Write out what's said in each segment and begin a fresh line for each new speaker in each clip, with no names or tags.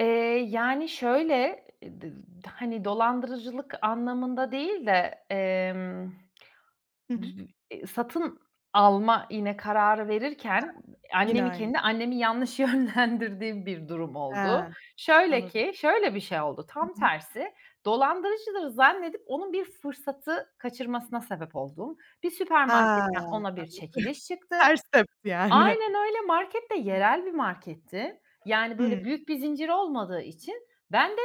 Eee, yani şöyle, d d hani, dolandırıcılık anlamında değil de, emm,
Hı
dü
hı.
iii, satın alma, yine kararı verirken
[unintelligible] Yine
annemi,
aynı.
kendi annemi, yanlış yönlendirdiğim bir durum
He,
oldu. Şöyle
anladım.
ki şöyle bir şey oldu:
Hı
Tam
hı.
tersi, dolandırıcılığı zannedip onun bir fırsatı kaçırmasına sebep olduğum, bir
He
süpermarketten ona bir
anladım.
çekiliş çıktı
Ters tepti yani.
Aynen öyle. Market de
Hımm.
yerel bir marketti, yani
Hımm.
böyle büyük bir zincir olmadığı için ben de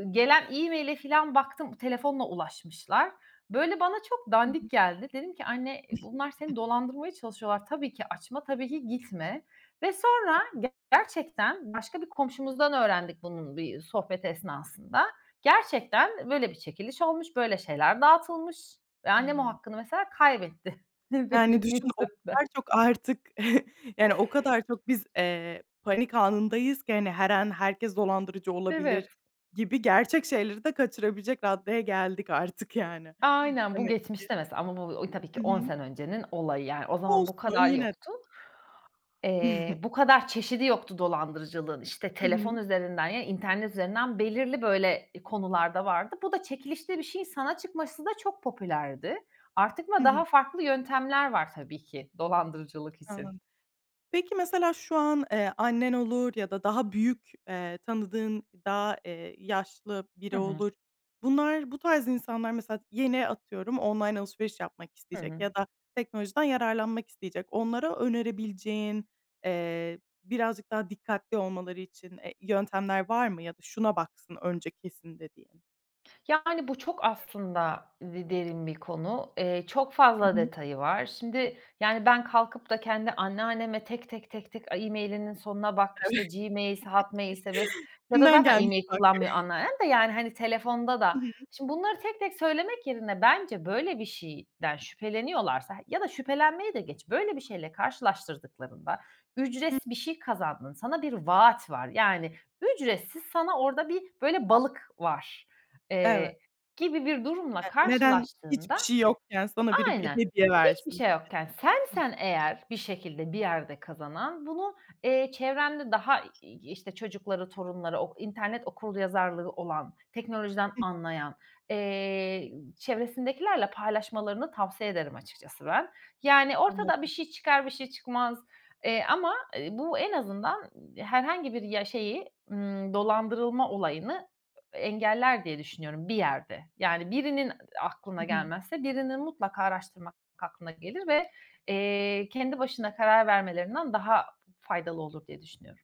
ı gelen e-mail'e filan baktım, telefonla ulaşmışlar. Böyle bana çok
Hı
dandik
hı.
geldi. Dedim ki "Anne, bunlar seni
[unintelligible]
dolandırmaya çalışıyorlar. Tabii ki açma, tabii ki gitme." ve sonra gerçekten başka bir komşumuzdan öğrendik bunun bir sohbet esnasında. Gerçekten böyle bir çekiliş olmuş, böyle şeyler dağıtılmış ve annem o
Hımm.
hakkını, mesela, kaybetti
Yani
benim
düşün, o
yüzümden.
kadar çok artık, yani o kadar çok biz, eee, panik anındayız ki hani, her an "Herkes dolandırıcı olabilir,"
Evet.
gibi gerçek şeyleri de kaçırabilecek raddeye geldik artık, yani
Aynen, bu
demek ki.
geçmişte, mesela ama bu u tabii ki
Hı
10
hı.
sene öncenin olayı, yani. O zaman bu
Olsun.
kadar
Yine de.
yoktu. Eee, bu kadar çeşidi yoktu dolandırıcılığın. İşte,
Hı
telefon
hı.
üzerinden ya internet üzerinden belirli böyle konularda vardı. Bu da çekilişte bir şeyin sana çıkması da çok popülerdi. Artık
Hı
ama
hı.
daha farklı yöntemler var tabii ki dolandırıcılık için.
Anladım. Peki, mesela şu an, eee, annen olur ya da daha büyük, eee, tanıdığın, daha, eee, yaşlı
Hı
biri
hı.
olur, bunlar, bu tarz insanlar mesela, yeni, atıyorum, online alışveriş yapmak
Hı
isteyecek
hı.
ya da teknolojiden yararlanmak isteyecek. Onlara önerebileceğin, eee, birazcık daha dikkatli olmaları için, eee, yöntemler var mı? Ya da "Şuna baksın önce kesin," dediğin?
Yani bu çok aslında d derin bir konu. Eee, çok fazla
Hı hı.
detayı var. Şimdi yani ben kalkıp da kendi anneanneme tek tek, tek tek e-mail'inin sonuna bak,
Eve
işte, Gmail'se, Hotmail'se vs. ya da
Kimden
zaten
gelmiş.
e-mail kullanmıyor
[unintelligible]
anneannem de yani hani, telefonda da
I hı.
şimdi, bunları tek tek söylemek yerine bence böyle bir şeyden şüpheleniyorlarsa ya da şüphelenmeyi de geç, böyle bir şeyle karşılaştırdıklarında "Ücretsiz bir şey kazandın, sana bir vaat var," yani "Ücretsiz sana orada bir böyle balık var,"
Evet.
eee, gibi bir durumla
Ya, "Neden
karşılaştığında
hiçbir şey yokken sana biri bir
Aynen.
hediye
Hiçbir
versin?"
şey
gibi.
yokken
Hı.
sensen eğer bir şekilde bir yerde kazanan, bunu, eee, çevrende daha i işte, çocukları, torunları, okur internet okuryazarlığı olan, teknolojiden
Hı.
anlayan, eee, ı çevresindekilerle paylaşmalarını tavsiye ederim açıkçası ben. Yani ortada bir
Anladım.
şey çıkar, bir şey çıkmaz, eee, ama, eee, bu en azından ı herhangi bir ya şeyi, ımm, dolandırılma olayını ö engeller diye düşünüyorum, bir yerde. Yani birinin ı aklına
Hı hı.
gelmezse birinin mutlaka araştırmak aklına gelir ve, eee, kendi başına karar vermelerinden daha f faydalı olur diye düşünüyorum.